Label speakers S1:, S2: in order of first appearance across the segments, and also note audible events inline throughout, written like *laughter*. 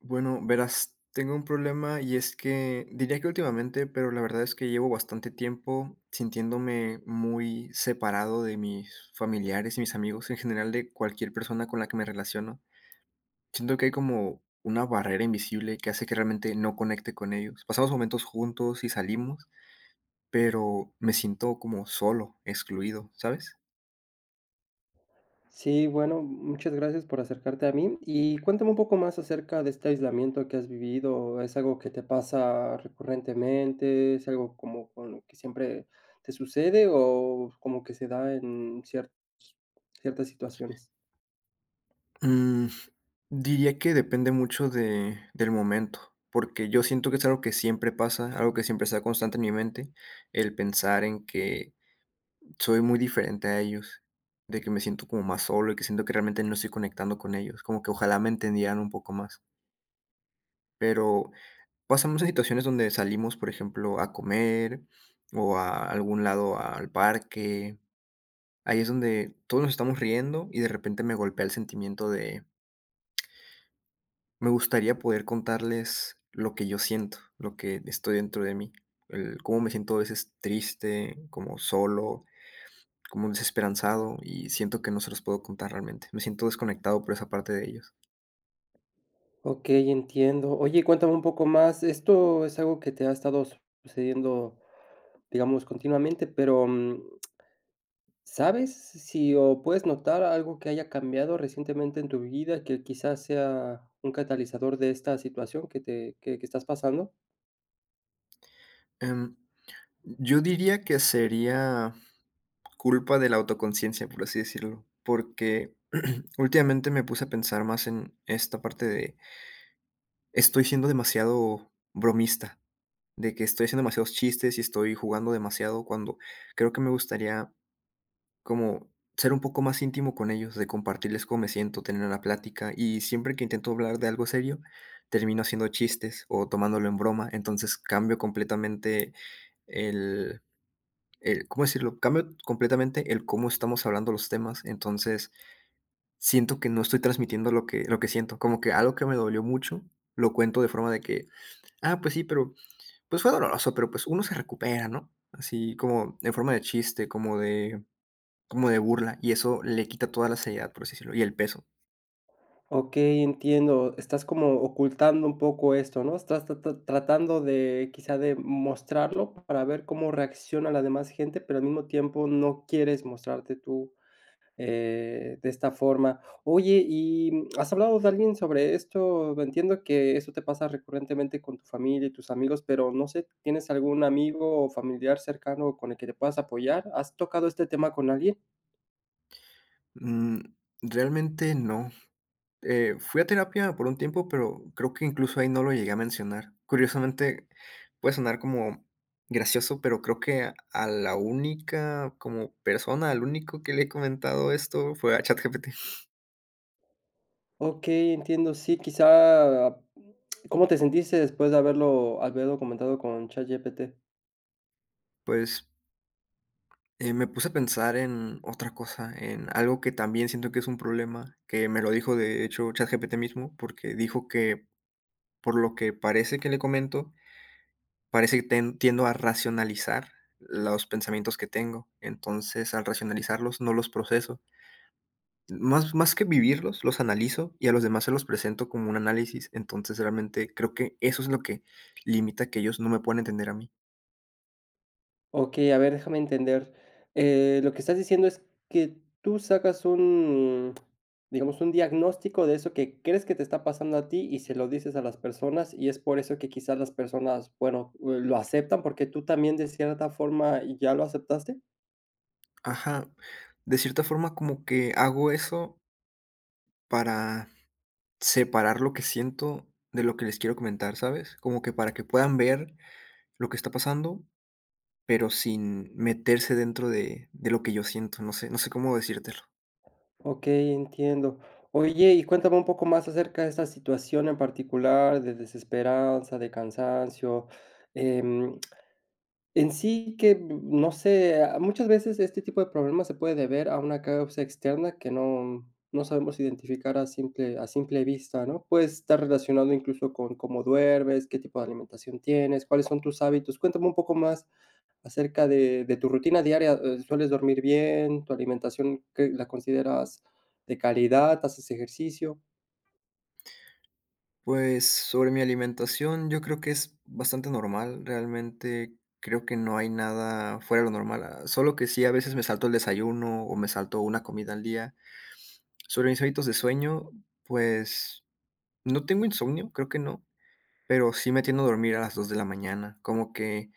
S1: Bueno, verás, tengo un problema, y es que diría que últimamente, pero la verdad es que llevo bastante tiempo sintiéndome muy separado de mis familiares y mis amigos, en general de cualquier persona con la que me relaciono. Siento que hay como una barrera invisible que hace que realmente no conecte con ellos. Pasamos momentos juntos y salimos, pero me siento como solo, excluido, ¿sabes?
S2: Sí, bueno, muchas gracias por acercarte a mí. Y cuéntame un poco más acerca de este aislamiento que has vivido, ¿es algo que te pasa recurrentemente? ¿Es algo como con lo que siempre te sucede, o como que se da en ciertas ciertas situaciones?
S1: Mm, diría que depende mucho de del momento. Porque yo siento que es algo que siempre pasa, algo que siempre se da constante en mi mente, el pensar en que soy muy diferente a ellos, de que me siento como más solo y que siento que realmente no estoy conectando con ellos, como que ojalá me entendieran un poco más. Pero, pasamos a situaciones donde salimos, por ejemplo, a comer o a algún lado al parque, ahí es donde todos nos estamos riendo y de repente me golpea el sentimiento de me gustaría poder contarles lo que yo siento, lo que estoy dentro de mí, el como me siento a veces triste, como solo, como desesperanzado, y siento que no se los puedo contar realmente, me siento desconectado por esa parte de ellos.
S2: Okey, entiendo. Oye, cuéntame un poco más, esto es algo que te ha estado sucediendo, digamos, continuamente, pero, mm. ¿Sabes s si o puedes notar algo que haya cambiado recientemente en tu vida, que quizás sea un catalizador de esta situación que te que que estás pasando?
S1: Em, yo diría que sería culpa de la autoconciencia, por así decirlo, porque *clears throat* últimamente me puse a pensar más en esta parte de Estoy siendo demasiado bromista, de que estoy haciendo demasiados chistes y estoy jugando demasiado, cuando creo que me gustaría, como, ser un poco más íntimo con ellos, de compartirles cómo me siento, tener una plática, y siempre que intento hablar de algo serio, termino haciendo chistes o tomándolo en broma, entonces, cambio completamente el el, ¿cómo decirlo?, cambio completamente el cómo estamos hablando los temas, entonces, siento que no estoy transmitiendo lo que lo que siento, como que algo que me dolió mucho lo cuento de forma de que: "Ah, pues sí, pero, pues fue doloroso, pero, pues uno se recupera, ¿no?", así como en forma de chiste, como de como de burla, y eso le quita toda la seriedad, por así decirlo, y el peso.
S2: Okey, entiendo. Estás como ocultando un poco esto, ¿no?, estás ta ta tratando de, quizá, de mostrarlo para ver cómo reacciona la demás gente, pero al mismo tiempo no quieres mostrarte tú, eh, de esta forma, oye, ¿y has hablado de alguien sobre esto?, entiendo que eso te pasa recurrentemente con tu familia y tus amigos, pero, no sé, ¿tienes algún amigo, o familiar cercano con el que te puedas apoyar?, ¿has tocado este tema con alguien?
S1: Mm, realmente no, eh, fui a terapia por un tiempo, pero, creo que incluso ahí no lo llegué a mencionar, curiosamente, puede sonar como gracioso, pero creo que a la única como persona, al único que le he comentado esto fue a ChatGPT.
S2: Okey, entiendo, sí, quizá, mm, ¿cómo te sentiste después de haberlo haberlo comentado con Chat GPT?
S1: Pues. Eh, me puse a pensar en otra cosa, en algo que también siento que es un problema, que me lo dijo, de hecho, ChatGPT mismo, porque dijo que, por lo que parece que le comento, parece ten tiendo a racionalizar los pensamientos que tengo, entonces, al racionalizarlos, no los proceso. Más más que vivirlos, los analizo, y a los demás se los presento como un análisis, entonces, realmente, creo que eso es lo que limita que ellos no me puedan entender a mí.
S2: Okey, a ver, déjame entender, eh, ¿lo que estás diciendo es que tú sacas un, digamos, un diagnóstico de eso que crees que te está pasando a ti y se lo dices a las personas, y es por eso que quizás las personas, bueno, uh, lo aceptan, porque tú también de cierta forma ya lo aceptaste?
S1: Ajá. De cierta forma, como que hago eso para separar lo que siento de lo que les quiero comentar, ¿sabes? Como que para que puedan ver lo que está pasando, pero sin meterse dentro de de lo que yo siento. No sé no sé cómo decírtelo.
S2: Okey, entiendo. Oye, y cuéntame un poco más acerca de esta situación en particular, de desesperanza, de cansancio, em, en sí que, n no sé, ah, muchas veces este tipo de problemas se puede deber a una causa externa que no no sabemos identificar a simple a simple vista, ¿no?, puede estar relacionado incluso con cómo duermes, qué tipo de alimentación tienes, cuáles son tus hábitos. Cuéntame un poco más acerca de de tu rutina diaria, eh, ¿sueles dormir bien?, ¿tu alimentación que la consideras de calidad?, ¿haces ejercicio?
S1: Pues, sobre mi alimentación, yo creo que es bastante normal. Realmente, creo que no hay nada fuera de lo normal. Ah, solo que sí, a veces me salto el desayuno, o me salto 1 comida al día. Sobre mis hábitos de sueño, pues, no tengo insomnio, creo que no, pero sí me tiendo a dormir a las 2 de la mañana. Como que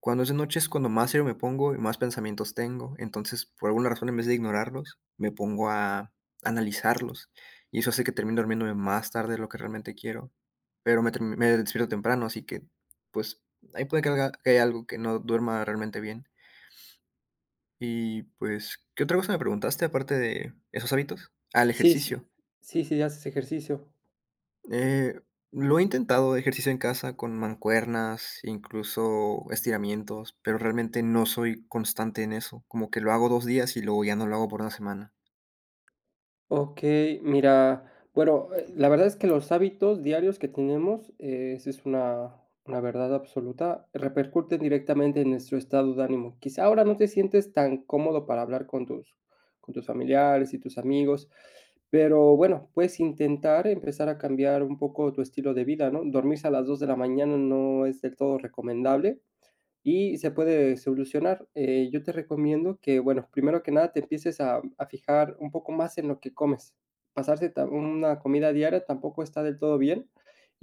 S1: cuando es de noche es cuando más serio me pongo, y más pensamientos tengo. Entonces, por alguna razón, en vez de ignorarlos, me pongo a analizarlos, y eso hace que termine durmiéndome más tarde de lo que realmente quiero. Pero me ter me despierto temprano, así que, pues, ahí puede que alga que hay algo que no duerma realmente bien. Y, pues, ¿qué otra cosa me preguntaste aparte de esos hábitos? Ah, el
S2: Sí, sí.
S1: ejercicio.
S2: Sí, sí, ¿haces ejercicio?
S1: Eh, lo he intentado ejercicio en casa con mancuernas, incluso, estiramientos, pero realmente no soy constante en eso. Como que lo hago 2 días, y luego ya no lo hago por 1 semana.
S2: Okey, mira bueno, la verdad es que los hábitos diarios que tenemos, eh, esa es una una verdad absoluta, repercute directamente en nuestro estado de ánimo. Quizá ahora no te sientes tan cómodo para hablar con tus con tus familiares y tus amigos, pero bueno, puedes intentar empezar a cambiar un poco tu estilo de vida, ¿no? Dormirse a las 2 de la mañana no es del todo recomendable y se puede solucionar. Eh, yo te recomiendo que, bueno, primero que nada, te empieces a a fijar un poco más en lo que comes. Pasarte ta 1 comida diaria tampoco está del todo bien,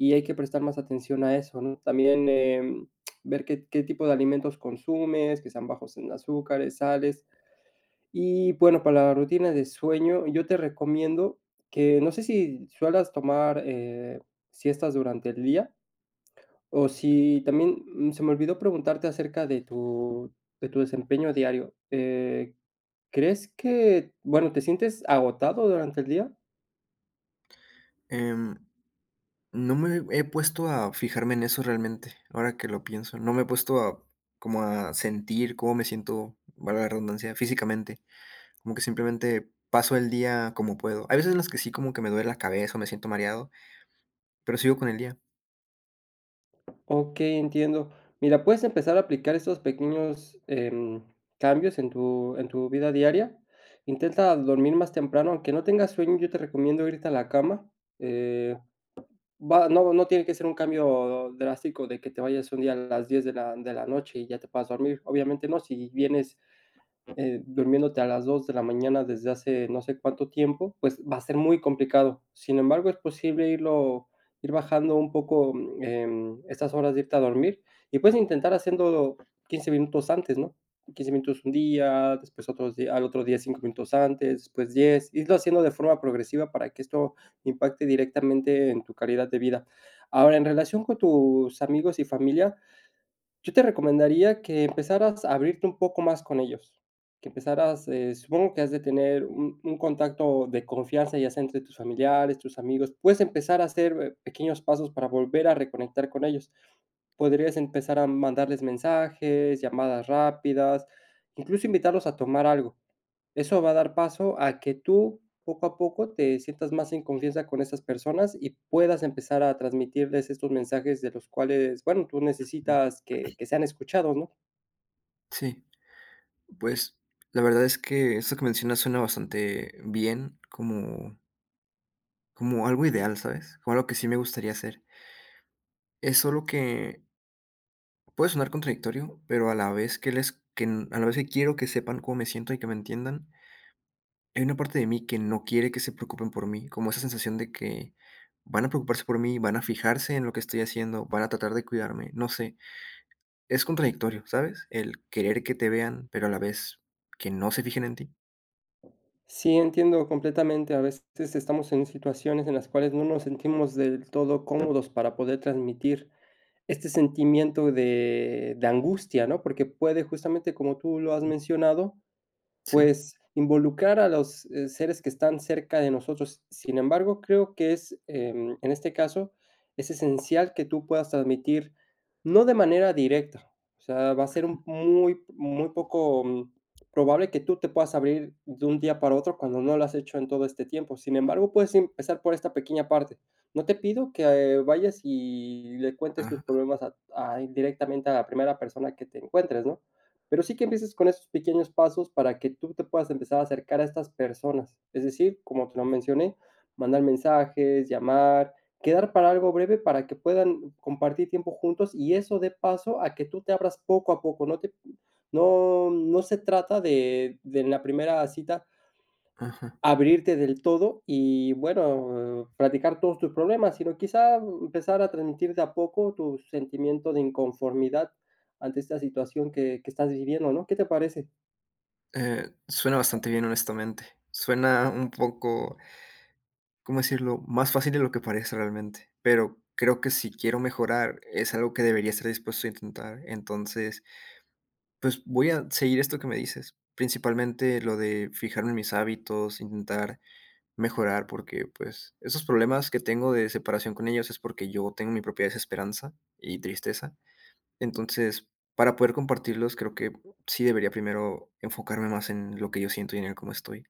S2: y hay que prestar más atención a eso, ¿no? También, em, ver qué qué tipo de alimentos consumes, que sean bajos en azúcares, sales. Y, bueno, para la rutina de sueño, yo te recomiendo que no sé si sueles tomar, eh, siestas durante el día. Oh, sí, también se me olvidó preguntarte acerca de tu de tu desempeño diario, eh, ¿crees que bueno, te sientes agotado durante el día?
S1: Em, no me he puesto a fijarme en eso realmente, ahora que lo pienso, no me he puesto, como a sentir cómo me siento, valga la redundancia, físicamente, como que, simplemente paso el día como puedo. Hay veces en las que sí, como que me duele la cabeza o me siento mareado, pero sigo con el día.
S2: Okey, entiendo, mira, puedes empezar a aplicar esos pequeños, em, cambios en tu en tu vida diaria, intenta dormir más temprano, aunque no tengas sueño, yo te recomiendo irte a la cama, eh, va, no no tiene que ser un cambio drástico de que te vayas un día a las 10 de la de la noche y ya te puedas dormir, obviamente no, si vienes, eh, durmiéndote a las 2 de la mañana desde hace no sé cuánto tiempo, pues, va a ser muy complicado, sin embargo, es posible irlo, ir bajando un poco, em, estas horas de irte a dormir, y puedes intentar haciéndolo 15 minutos antes, ¿no?, 15 minutos un día, después, otros días, al otro día, 5 minutos antes, después 10, irlo haciendo de forma progresiva para que esto impacte directamente en tu calidad de vida, ahora, en relación con tus amigos y familia, yo te recomendaría que empezaras a abrirte un poco más con ellos, que empezaras, eh, supongo que has de tener un un contacto de confianza, ya sea entre tus familiares, tus amigos, puedes empezar a hacer pequeños pasos para volver a reconectar con ellos, podrías empezar a mandarles mensajes, llamadas rápidas, incluso invitarlos a tomar algo, eso va a dar paso a que tú, poco a poco, te sientas más en confianza con esas personas y puedas empezar a transmitirles estos mensajes de los cuales, bueno, tú necesitas que que sean escuchados, ¿no?
S1: Sí, pues, la verdad es que, eso que mencionas suena bastante bien, como como algo ideal, ¿sabes?, como algo que sí me gustaría hacer es solo que puede sonar contradictorio, pero a la vez que les que n a la vez que quiero que sepan cómo me siento y que me entiendan hay una parte de mí que no quiere que se preocupen por mí, como esa sensación de que, van a preocuparse por mí, van a fijarse en lo que estoy haciendo, van a tratar de cuidarme, no sé, es contradictorio, ¿sabes?, el querer que te vean, pero a la vez que no se fijen en ti.
S2: Sí, entiendo completamente, a veces estamos en situaciones en las cuales no nos sentimos del todo cómodos para poder transmitir este sentimiento de de angustia, ¿no?, porque puede justamente, como tú lo has
S1: Mm.
S2: mencionado,
S1: Sí.
S2: pues involucrar a los, eh, seres que están cerca de nosotros. Sin embargo, creo que es, em, en este caso, es esencial que tú puedas transmitir, no de manera directa, o sea, va a ser
S1: Ajá.
S2: un muy muy poco probable que tú te puedas abrir de un día para otro cuando no lo has hecho en todo este tiempo, sin embargo, puedes empezar por esta pequeña parte, no te pido que vayas y le cuentes tus
S1: Ajá.
S2: problemas a a indirectamente a la primera persona que te encuentres, ¿no?, pero sí que empieces con esos pequeños pasos para que tú te puedas empezar a acercar a estas personas, es decir, como te lo mencioné, mandar mensajes, llamar, quedar para algo breve para que puedan compartir tiempo juntos y eso dé paso a que tú te abras poco a poco, no te p no, no se trata de de en la primera cita
S1: Ajá.
S2: abrirte del todo y, bueno, platicar todos tus problemas, sino quizá, mm, empezar a transmitir de a poco tu sentimiento de inconformidad ante esta situación que que estás viviendo, ¿no?, ¿qué te parece?
S1: Eh, suena bastante bien, honestamente, suena un poco, ¿cómo decirlo?, más fácil de lo que parece realmente, pero creo que si quiero mejorar, es algo que debería estar dispuesto a intentar, entonces, pues, voy a seguir esto que me dices. Principalmente, lo de fijarme en mis hábitos, intentar mejorar porque, pues, esos problemas que tengo de separación con ellos es porque yo tengo mi propia desesperanza y tristeza, entonces, para poder compartirlos, creo que sí debería primero enfocarme más en lo que yo siento y en el cómo estoy.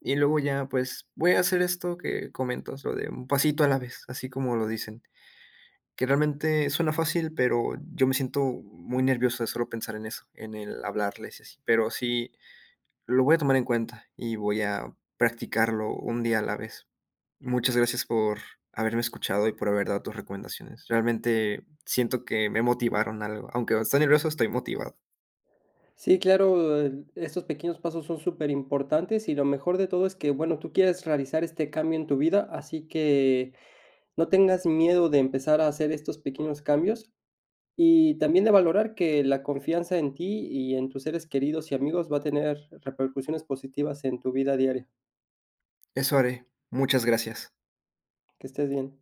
S1: Y luego ya, pues, voy a hacer esto que comentas, lo de "un pasito a la vez", así como lo dicen, que realmente suena fácil, pero yo me siento muy nervioso de solo pensar en eso, en el hablarles y así, pero sí, lo voy a tomar en cuenta y voy a practicarlo un día a la vez. Muchas gracias por haberme escuchado y por haber dado tus recomendaciones, realmente siento que me motivaron algo. Aunque esté nervioso, estoy motivado.
S2: Sí, claro, en estos pequeños pasos son superimportantes, y lo mejor de todo es que, bueno, tú quieres realizar este cambio en tu vida, así que no tengas miedo de empezar a hacer estos pequeños cambios, y también de valorar que la confianza en ti y en tus seres queridos y amigos va a tener repercusiones positivas en tu vida diaria.
S1: Eso haré. Muchas gracias.
S2: Que estés bien.